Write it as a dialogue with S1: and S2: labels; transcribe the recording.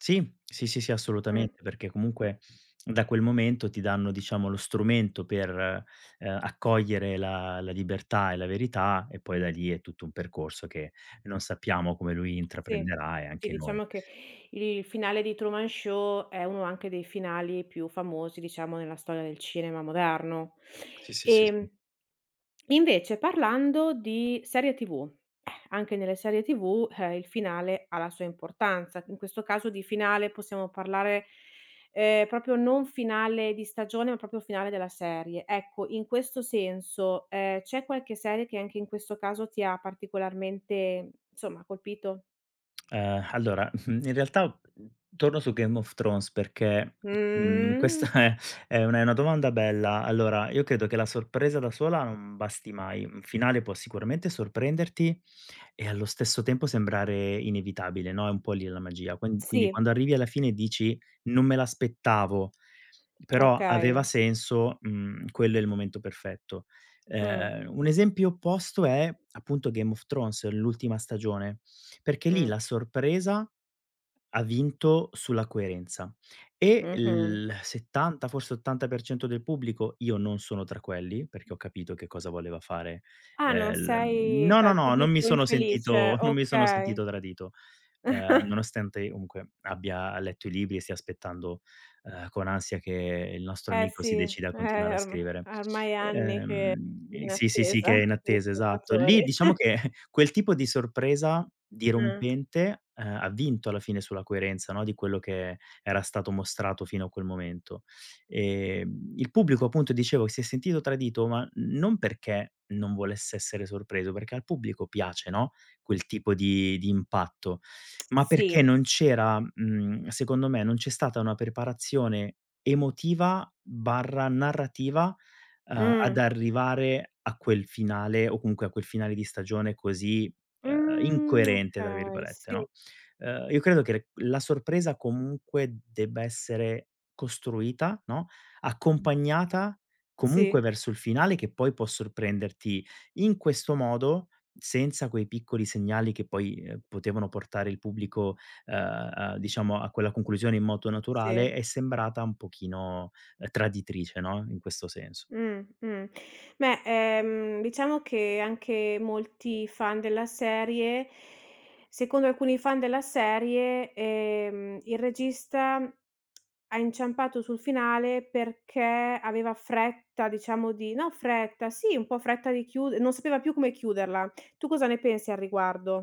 S1: Sì, sì, sì, sì,
S2: Mh.
S1: assolutamente, perché comunque, da quel momento ti danno, diciamo, lo strumento per, uhm, accogliere la la libertà e la verità, e poi da lì è tutto un percorso che non sappiamo come lui
S2: Sì,
S1: intraprenderà, e
S2: sì
S1: anche noi.
S2: diciamo che il finale di Truman Show, è uno anche dei finali più famosi, diciamo, nella storia del cinema moderno.
S1: Sì, sì, sì, sì.
S2: Ehm, invece parlando di serie TV, anche nelle serie TV, ehm, il finale ha la sua importanza. In questo caso di finale possiamo parlare, ehm, proprio non finale di stagione, ma proprio finale della serie. Ecco, in questo senso, ehm, c'è qualche serie che anche in questo caso ti ha particolarmente, insomma, colpito?
S1: Uhm, allora, in realtà, mhmm, torno su Game of Thrones perché, mhmm,
S2: Mh.
S1: questa è è una è una domanda bella. Allora, io credo che, la sorpresa da sola non basti mai, un finale può sicuramente sorprenderti, e allo stesso tempo sembrare inevitabile, no, è un po' lì la magia. Quan quindi
S2: Sì.
S1: quando arrivi alla fine e dici: "Non me l'aspettavo, però aveva
S2: Okay.
S1: senso," mhmm, quello è il momento perfetto.
S2: Mh.
S1: Ehm, un esempio opposto è appunto Game of Thrones, l'ultima stagione, perché lì
S2: Mh.
S1: la sorpresa, ha vinto sulla coerenza, e
S2: Mh-mh.
S1: il 70 forse 80% del pubblico io non sono tra quelli, perché ho capito che cosa voleva fare,
S2: Ah, non
S1: ehm, l
S2: sei
S1: no,
S2: tra
S1: no,
S2: il
S1: no, non mi
S2: pubblico
S1: sono
S2: infelice,
S1: sentito non mi sono
S2: okay.
S1: sentito tradito, uhm, nonostante comunque abbia letto i libri, e stia aspettando, uhm, con ansia che il nostro
S2: Eh
S1: amico
S2: sì,
S1: si decida a continuare
S2: eh-eh
S1: a
S2: or ehm,
S1: scrivere.
S2: ormai anni che sono
S1: Uhm,
S2: in
S1: sì, sì, sì,
S2: attesa
S1: che è in
S2: del
S1: attesa, esatto. Lì,
S2: salvatore.
S1: diciamo che quel tipo di sorpresa
S2: Mh.
S1: dirompente, uhm, ha vinto alla fine sulla coerenza, no, di quello che era stato mostrato fino a quel momento. Ehm, il pubblico appunto dicevo si è sentito tradito, ma non perché non volesse essere sorpreso, perché al pubblico piace, no, quel tipo di di impatto, ma perché
S2: Sì.
S1: non c'era, mhmm, secondo me, non c'è stata una preparazione emotiva/narrativa, uhm, ad
S2: Mh.
S1: arrivare a quel finale, o comunque a quel finale di stagione così, uhm,
S2: Mh,
S1: "incoerente" tra
S2: okay,
S1: virgolette,
S2: sì.
S1: no. Uhm, io credo che la sorpresa comunque debba essere costruita, no, accompagnata comunque
S2: Sì.
S1: verso il finale che poi può sorprenderti in questo modo, senza quei piccoli segnali che poi, uhm, potevano portare il pubblico, uhm, diciamo a quella conclusione in modo naturale,
S2: Sì.
S1: è sembrata un pochino traditrice, no, in questo senso.
S2: Mh-mh. Beh, ehm, diciamo che anche molti fan della serie secondo alcuni fan della serie, ehm, il regista ha inciampato sul finale, perché aveva fretta diciamo di no fretta, sì un po' fretta di chiude non sapeva più come chiuderla. Tu cosa ne pensi al riguardo?